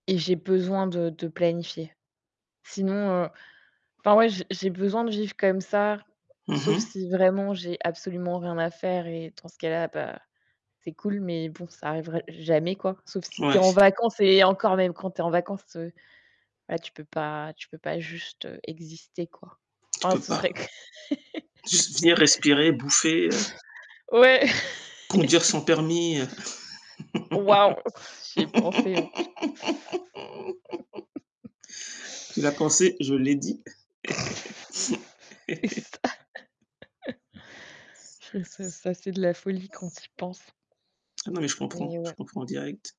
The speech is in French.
Et j'ai besoin de de planifier. Sinon, heu, enfin, ouais, j'ai j'ai besoin de vivre comme ça, Mmh sauf mh. si vraiment j'ai absolument rien à faire et dans ce cas-là, bah c'est cool, mais bon, ça arriverait jamais quoi, sauf si Ouais tu es en s vacances et encore même quand tu es en vacances, heu, bah, tu peux pas tu peux pas juste, heu, exister quoi. Tu Enfin, peux ce serait pas. Juste venir respirer, bouffer, heu Ouais. Conduire sans permis, heu Waouh, j'y ai pensé en plus. Tu l'as pensé, je l'ai dit. C'est ça. Ça c'est de la folie quand tu y penses. Ah, non, mais je comprends. Mais Je ouais. comprends direct.